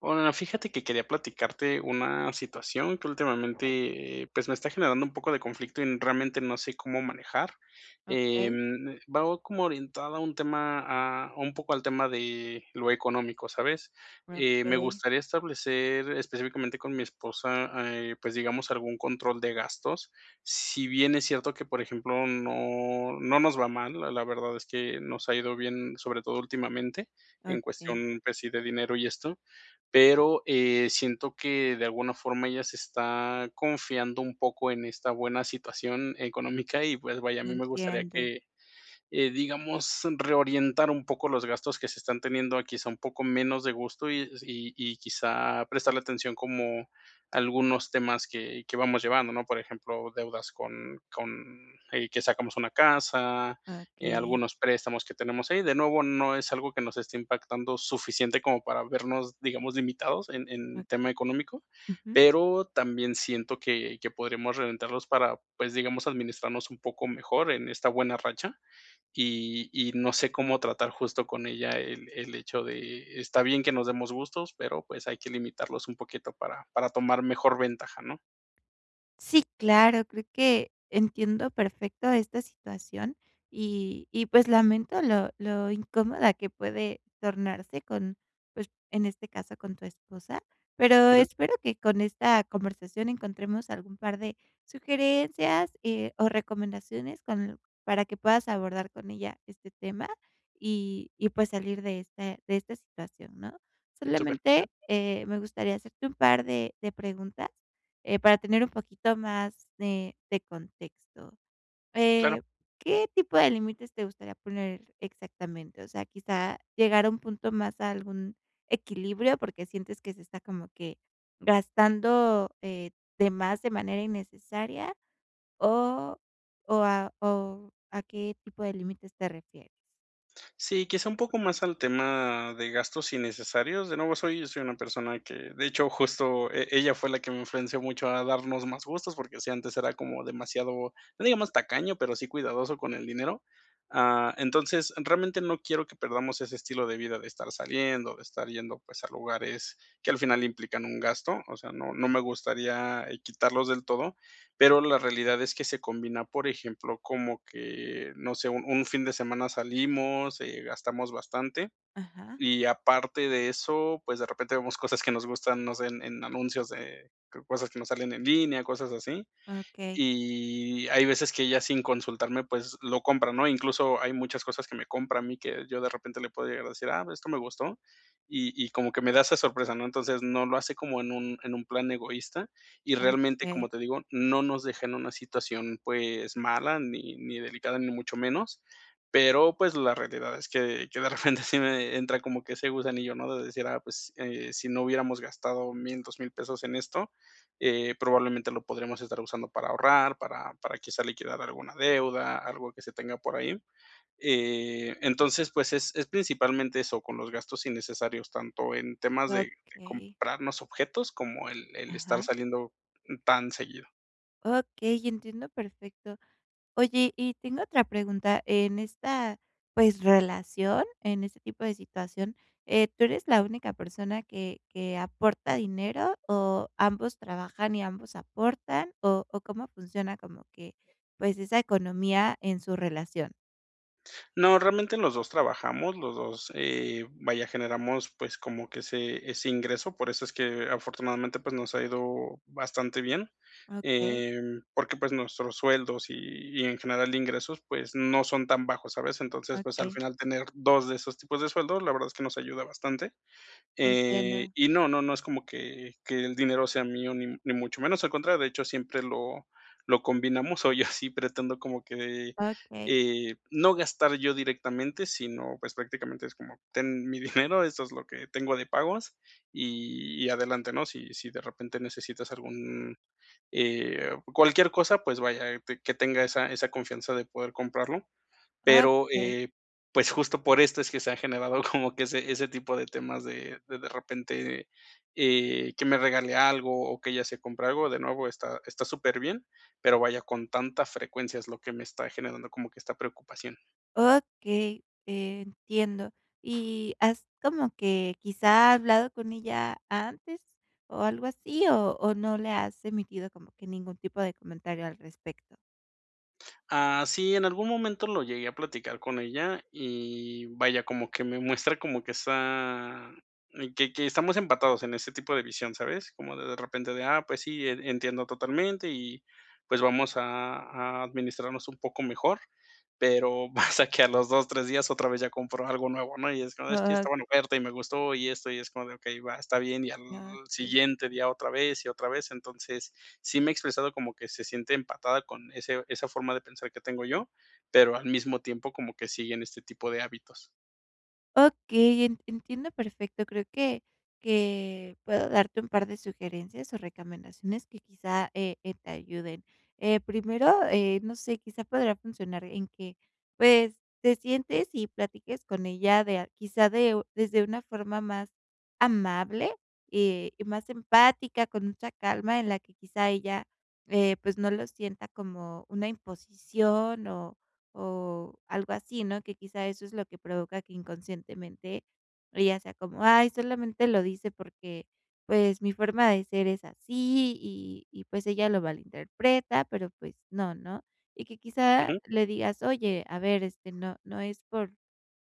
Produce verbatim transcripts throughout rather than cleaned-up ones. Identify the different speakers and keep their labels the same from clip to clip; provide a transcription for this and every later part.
Speaker 1: Bueno, fíjate que quería platicarte una situación que últimamente, pues, me está generando un poco de conflicto, y realmente no sé cómo manejar. Eh,
Speaker 2: Okey.
Speaker 1: va como orientada a un tema a a un poco al tema de lo económico, ¿sabes? Eh, me
Speaker 2: Okey.
Speaker 1: gustaría establecer específicamente con mi esposa, eh, pues, digamos, algún control de gastos. Si bien es cierto que, por ejemplo, no no nos va mal, la la verdad es que nos ha ido bien, sobre todo últimamente, en
Speaker 2: Okey.
Speaker 1: cuestión, pues sí, de dinero y esto, pero, eh, siento que de alguna forma ella se está confiando un poco en esta buena situación económica. Y, pues, vaya, a mí me gustaría
Speaker 2: Entiendo.
Speaker 1: que, eh, digamos, reorientar un poco los gastos que se están teniendo a, quizá, un poco menos de gustos, y s y y, quizá, prestarle atención como a algunos temas que que vamos llevando, ¿no? Por ejemplo, deudas con con, eh, que sacamos una casa, eh,
Speaker 2: Okey.
Speaker 1: algunos préstamos que tenemos ahí. De nuevo, no es que nos esté impactando suficiente como para vernos, digamos, limitados en en tema
Speaker 2: Okey.
Speaker 1: económico,
Speaker 2: Ujú.
Speaker 1: pero también siento que que podríamos reventarlos para, pues, digamos, administrarnos un poco mejor en esta buena racha. Y y no sé cómo tratar justo con ella el el hecho de: "Está bien que nos demos gustos, pero, pues, hay que limitarlos un poquito para para tomar mejor ventaja", ¿no?
Speaker 2: Sí, claro, creo que entiendo perfecto esta situación, y y, pues lamento lo lo incómoda que puede tornarse con, pues, en este caso con tu esposa. Pero
Speaker 1: Ujú.
Speaker 2: espero que con esta conversación encontremos algún par de sugerencias, eh, o recomendaciones con l para que puedas abordar con ella este tema, y y pues salir de este de esta situación, ¿no?
Speaker 1: Súper.
Speaker 2: Solamente, eh, me gustaría hacerte un par de de preguntas, eh, para tener un poquito más de, de contexto.
Speaker 1: Claro.
Speaker 2: Eh, ¿qué tipo de límites te gustaría poner exactamente? O sea, quizá llegar a un punto más a algún equilibrio, porque sientes que se está como que gastando, eh, de más de manera innecesaria, o o a o, ¿a qué tipo de límites te refieres?
Speaker 1: Sí, quizá un poco más al tema de gastos innecesarios. De nuevo soy soy una persona que de hecho, justo e ella fue la que me influenció mucho a darnos más gustos. Porque si antes era como demasiado, no digamos tacaño, pero sí cuidadoso con el dinero. Ah, entonces, realmente no quiero que perdamos ese estilo de vida de estar saliendo, de estar yendo, pues, a lugares que al final implican un gasto. O sea, no no me gustaría, eh, quitarlos del todo, pero la realidad es que se combina, por ejemplo, como que no sé, un un fin de semana salimos, eh, gastamos bastante.
Speaker 2: Ajá.
Speaker 1: Y aparte de eso, pues, de repente vemos cosas que nos gustan, no sé, en en anuncios de creo cosas que nos salen en línea, cosas así.
Speaker 2: Okey.
Speaker 1: Y hay veces que ya sin consultarme, pues, lo compra, ¿no? Incluso, hay muchas cosas que me compra a mí que yo de repente le puedo llegar a decir: "Ah, esto me gustó", y y como que me da esa sorpresa, ¿no? Entonces, no lo hace como en un en un plan egoísta. Y realmente, como
Speaker 2: Okey.
Speaker 1: te digo, no nos deja en una situación, pues, mala ni ni delicada, ni mucho menos. Pero, pues, la realidad es que yo de repente sí me entra como que ese gusanillo, ¿no? De decir, ah, pues, eh, si no hubiéramos gastado mil dos mil pesos en esto, eh, probablemente lo podríamos estar usando para ahorrar, para para quizás liquidar alguna deuda, algo que se tenga por ahí. Eh, entonces, pues, es es principalmente eso, con los gastos innecesarios, tanto en temas de de
Speaker 2: Okey.
Speaker 1: comprarnos objetos como el el estar
Speaker 2: Ajá.
Speaker 1: saliendo tan seguido.
Speaker 2: Okey, entiendo perfecto. Oye, y tengo otra pregunta, en esta, pues, relación, en este tipo de situación, eh, ¿tú eres la única persona que que aporta dinero, o ambos trabajan y ambos aportan? O o cómo funciona como que, pues, esa economía en su relación.
Speaker 1: No, realmente los dos trabajamos, los dos, eh, vaya, generamos, pues, como que ese ese ingreso, por eso es que afortunadamente, pues, nos ha ido bastante bien.
Speaker 2: Okey.
Speaker 1: Em, porque, pues, nuestros sueldos, y y en general de ingresos, pues, no son tan bajos, ¿sabes? Entonces, pues, al
Speaker 2: Okey.
Speaker 1: final tener dos de esos tipos de sueldos, la verdad es que nos ayuda bastante. Eh,
Speaker 2: Entiendo.
Speaker 1: y no, no, no es como que que el dinero sea mío ni mu ni mucho menos, al contrario, de hecho, siempre lo lo combinamos. O yo así pretendo como que,
Speaker 2: Okey.
Speaker 1: eh, no gastar yo directamente, sino, pues, prácticamente es como: "Ten mi dinero, eso es lo que tengo de pagos y adelante, ¿no? Si si de repente necesitas algún, eh, cualquier cosa", pues, vaya, que tenga esa esa confianza de poder comprarlo. Pero,
Speaker 2: Okey.
Speaker 1: eh, pues, justo por esto es que se ha generado como que ese ese tipo de temas de de repente, eh, que me regale algo, o que ella se compre algo, de nuevo está está súperbien, pero vaya, con tanta frecuencia es lo que me está generando como que esta preocupación.
Speaker 2: Okey, entiendo. Y, ¿has como que, quizá, ha hablado con ella antes o algo así. O o no le has emitido como que ningún tipo de comentario al respecto?
Speaker 1: Ah, sí. En algún momento lo llegué a platicar con ella, y vaya, como que me muestra, como que esa eh, que que estamos empatados en ese tipo de visión, ¿sabes? Como de de repente, de: "Ah, pues sí, e entiendo totalmente. Y, pues vamos a a administrarnos un poco mejor". Pero, pasa que a los dos, tres días, otra vez, ya compró algo nuevo, ¿no? Y, es: "No, es que
Speaker 2: Ah.
Speaker 1: estaba en oferta y me gustó, y esto". Y es como de: "Okey, va, está bien". Y al
Speaker 2: Okey.
Speaker 1: siguiente día, otra vez y otra vez. Entonces, sí me ha expresado, como que se siente empatada con ese esa forma de pensar que tengo yo, pero al mismo tiempo, como que sigue en este tipo de hábitos.
Speaker 2: Okey, en entiendo perfecto. Creo que que puedo darte un par de sugerencias o recamendaciones, que quizá, eh eh, te ayuden. Eh, primero, eh, no sé, quizá podría funcionar, en que, pues, te sientes y platiques con ella de a quizá de u desde una forma más amable y más empática. Con mucha calma, en la que, quizá, ella, eh, pues, no lo sienta como una imposición o o algo así, ¿no? Que quizá, eso es lo que provoca, que inconscientemente, ella sea como: "Ay, solamente lo dice porque, pues, mi forma de ser es así. Y y pues ella lo malinterpreta". Pero, pues no, ¿no? Y que quizá,
Speaker 1: Ujú.
Speaker 2: le digas: "Oye, a ver, este, no no es por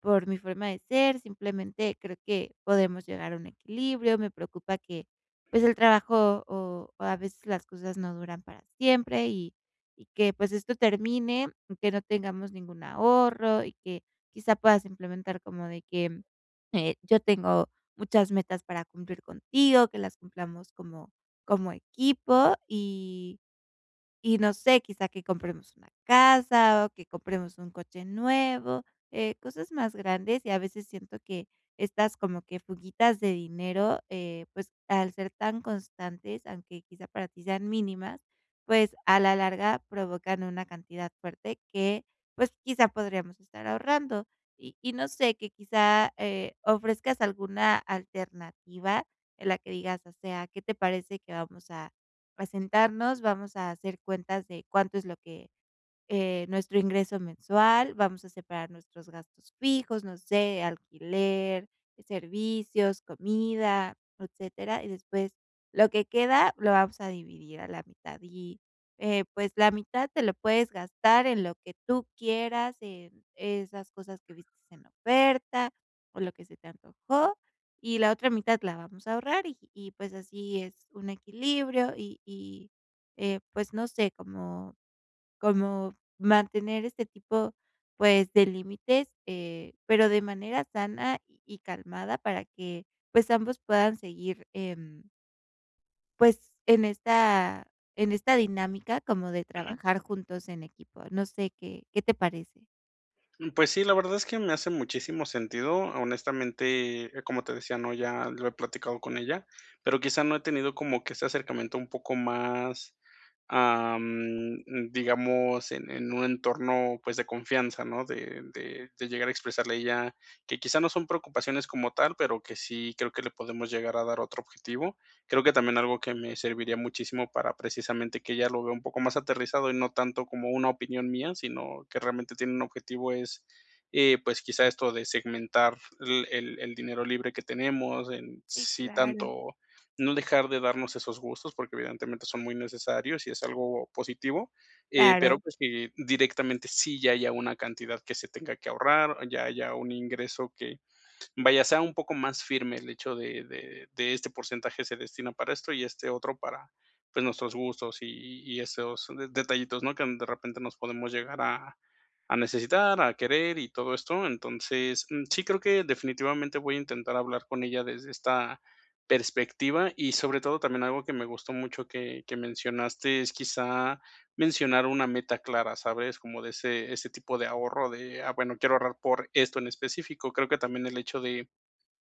Speaker 2: por mi forma de ser, simplemente creo que podemos llegar a un equilibrio. Me preocupa que, pues, el trabajo, o a veces las cosas, no duran para siempre. Y y que, pues, esto termine, que no tengamos ningún ahorro". Y que, quizá puedas implementar como de que: "Eh, yo tengo muchas metas para cumplir contigo. Que las cumplamos como como equipo. Y y no sé, quizá, que compremos una casa, o que compremos un coche nuevo. Eh, cosas más grandes. Y, a veces siento, que estas, como que fuguitas de dinero, eh, pues al ser tan constantes, aunque quizá para ti sean mínimas, pues, a la larga, provocan una cantidad fuerte, que, pues quizá, podríamos estar ahorrando". Y y, no sé, que quizá, eh, ofrezcas alguna alternativa, en la que digas: "O sea, qué te parece que vamos a a sentarnos. Vamos a hacer cuentas de cuánto es lo que, eh, nuestro ingreso mensual. Vamos a separar nuestros gastos fijos, no sé, alquiler, servicios, comida, etcétera. Y después, lo que queda, lo vamos a dividir a la mitad. Y, eh, pues, la mitad, te lo puedes gastar en lo que tú quieras. En esas cosas que vistes en oferta, o lo que se te antojó. Y la otra mitad, la vamos a ahorrar. Y y, pues así, es un equilibrio. Y y, eh, pues no sé, como como mantener este tipo, pues, de límites". Eh, pero de manera sana y calmada, para que pues, ambos puedan seguir, em pues en esta en esta dinámica, como de
Speaker 1: Ujú.
Speaker 2: trabajar juntos en equipo. No sé, ¿qué, qué te parece?
Speaker 1: Mm, pues sí, la verdad es que me hace muchísimo sentido. Honestamente, eh, como te decía, ¿no?, ya lo he platicado con ella, pero quizá no he tenido como que ese acercamiento un poco más, am, mm, digamos, en en un entorno, pues, de confianza, ¿no?, de de de llegar a expresarle a ella, que quizá no son preocupaciones como tal, pero que sí creo que le podemos llegar a dar otro objetivo. Creo que también algo que me serviría muchísimo para precisamente que ella lo vea un poco más aterrizado, y no tanto como una opinión mía, sino que realmente tiene un objetivo es, eh, pues, quizá esto de segmentar l el el dinero libre que tenemos, en
Speaker 2: Sí,
Speaker 1: sí
Speaker 2: claro
Speaker 1: tanto, no dejar de darnos esos gustos, porque evidentemente son muy necesarios y es algo positivo, eh, pero,
Speaker 2: Claro.
Speaker 1: pues, que directamente sí ya haya una cantidad que se tenga que ahorrar, ya haya un ingreso que, vaya, sea un poco más firme el hecho de de de, este porcentaje se destina para esto y este otro para, pues, nuestros gustos y y esos de detallitos, ¿no?, que de repente nos podemos llegar a a necesitar, a querer y todo esto, entonces, mm, sí creo que definitivamente voy a intentar hablar con ella desde esta perspectiva, y sobre todo también algo que me gustó mucho que que mencionaste es quizá mencionar una meta clara, ¿sabes?, como de ese ese tipo de ahorro de: "Ah, bueno, quiero ahorrar por esto en específico". Creo que también el hecho de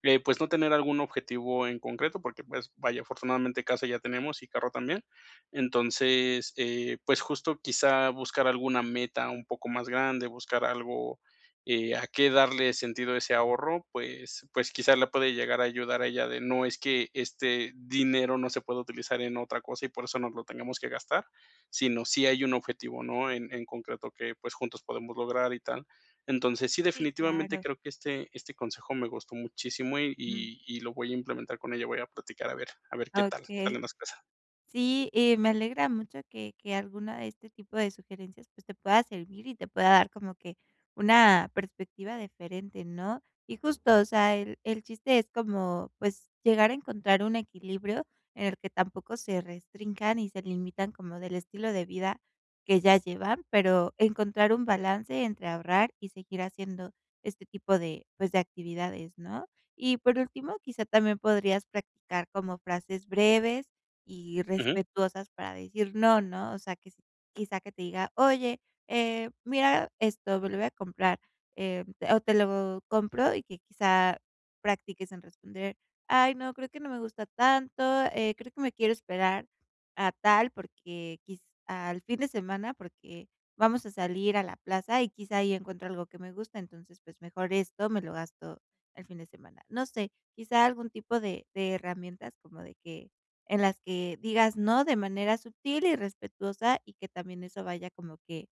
Speaker 1: de, pues, no tener algún objetivo en concreto, porque, pues, vaya, afortunadamente casa ya tenemos y carro también, entonces, eh, pues, justo quizá buscar alguna meta un poco más grande, buscar algo, eh, a qué darle sentido a ese ahorro, pues, pues, quizá le puede llegar a ayudar a ella de, no es que este dinero no se pueda utilizar en otra cosa y por eso nos lo tenemos que gastar, sino sí hay un objetivo, ¿no?, en en concreto que, pues, juntos podemos lograr y tal. Entonces, sí,
Speaker 2: Sí,
Speaker 1: definitivamente
Speaker 2: claro.
Speaker 1: creo que este este consejo me gustó muchísimo y
Speaker 2: Ujú.
Speaker 1: y y lo voy a implementar con ella, voy a platicar a ver a ver qué tal
Speaker 2: Okey.
Speaker 1: salen las cosas.
Speaker 2: Sí, y me alegra mucho que que alguna de este tipo de sugerencias, pues, te pueda servir y te pueda dar como que una perspectiva diferente, ¿no?, y justo, o sea, el el chiste es como, pues, llegar a encontrar un equilibrio en el que tampoco se restrinjan y se limitan como del estilo de vida que ya llevan, pero encontrar un balance entre ahorrar y seguir haciendo este tipo de, pues, de actividades, ¿no?, y por último, quizá también podrías practicar como frases breves y
Speaker 1: Ujú.
Speaker 2: respetuosas para decir no, ¿no?, o sea que s quizá que te diga: "Oye, eh, mira esto, me lo voy a comprar", eh, o "Te lo compro", y que quizá practiques en responder: "Ay no, creo que no me gusta tanto, eh, creo que me quiero esperar a tal porque quiz al fin de semana porque vamos a salir a la plaza y quizá ahí encuentro algo que me gusta entonces, pues, mejor esto me lo gasto el fin de semana". No sé, quizá algún tipo de de herramientas como de que en las que digas no, de manera sutil y respetuosa y que también eso vaya como que,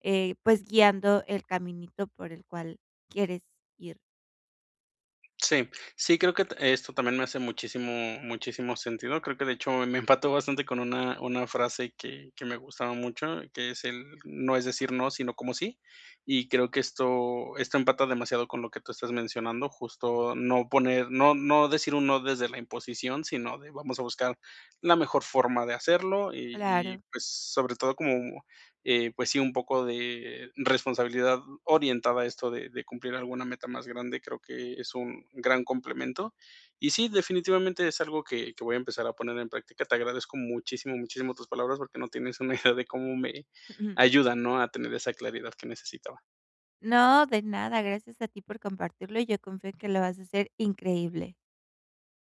Speaker 2: eh, pues, guiando el caminito por el cual quieres ir.
Speaker 1: Sí. Sí, creo, que t esto también me hace muchísimo muchísimo sentido, creo que de hecho me empató bastante con una una frase que que me gustaba mucho, que es el: "No es decir no, sino como sí". Y creo que esto esto empata demasiado con lo que tú estás mencionando, justo no poner no no decir un no desde la imposición, sino de vamos a buscar la mejor forma de hacerlo y y,
Speaker 2: Claro.
Speaker 1: pues, sobre todo como, eh, pues, sí, un poco de responsabilidad orientada a esto de de cumplir alguna meta más grande, creo que es un gran complemento. Y sí, definitivamente es algo que que voy a empezar a poner en práctica. Te agradezco muchísimo, muchísimo tus palabras porque no tienes una idea de cómo me ayudan, ¿no?, a tener esa claridad que necesitaba.
Speaker 2: No, de nada, gracias a ti por compartirlo, yo confío en que lo vas a hacer increíble.